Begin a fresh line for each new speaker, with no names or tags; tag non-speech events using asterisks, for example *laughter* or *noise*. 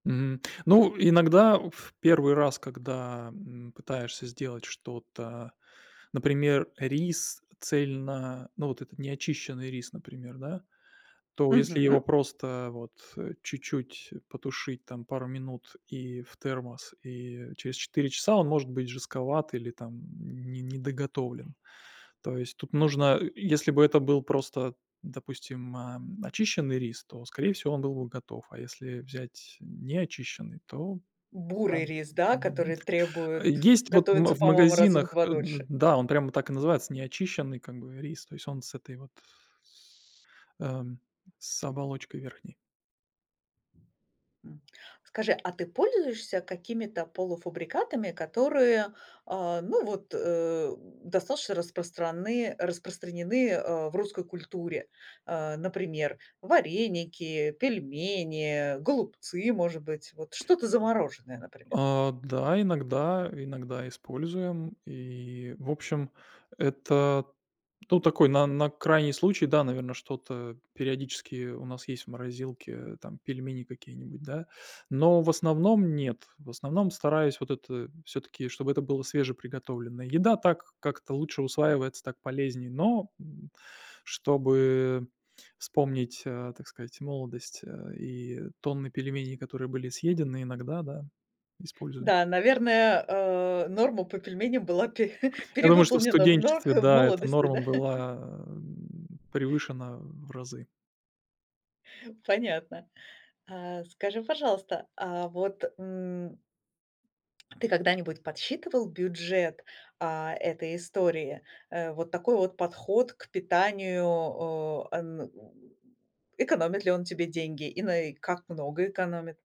Мгм. Ну, иногда в первый раз, когда, м, пытаешься сделать что-то, например, рис цельно Ну, вот этот неочищенный рис, например, да. То если его
Мгм.
просто вот, э, чуть-чуть потушить там пару минут и в термос, и через 4 часа он может быть жестковат или там не недоготовлен. То есть тут нужно, э, если бы это был просто, допустим, эм, очищенный рис, то скорее всего он был бы готов, а если взять неочищенный, то Да,
Бурый
м.
рис, да,
Мгм.
который требует
Есть вот в ма
готовиться,
в
по-моему, раза в
магазинах,
2
э, д
дольше.
да, он прямо так и называется "Неочищенный" как бы рис, то есть он с этой вот с Эм. С оболочкой верхней.
М. Скажи, а ты пользуешься какими-то полуфабрикатами, которые, э, ну, вот, э, достаточно распраны распространены, э, в русской культуре? Э, например, вареники, пельмени, голубцы, может быть, вот что-то замороженное, например.
Э, да, иногда иногда используем. И в общем, это, ну, такой на на крайний случай, да, наверно, что-то периодически у нас есть в морозилке, там, пельмени какие-нибудь, да. Но в основном нет, в основном стараюсь вот это всё-таки, чтобы это было свежеприготовленное. Еда так как-то лучше усваивается, так полезнее, но, м, чтобы вспомнить, э, так сказать, молодость, э, и тонны пельменей, которые были съедены, иногда, да, используем.
Да, наверное, э, норма по пельменям была пере
Я думаю, что в
перевыполнена в но
студенчестве,
х в
да, эта
молодости,
норма
да? *chuckles*
была, м, превышена в разы.
Понятно. Э, скажи, пожалуйста, а вот, м, Ты когда-нибудь подсчитывал бюджет, а, этой истории? Э, вот такой вот подход к питанию, э, эм, экономит ли он тебе деньги и нае как много экономит?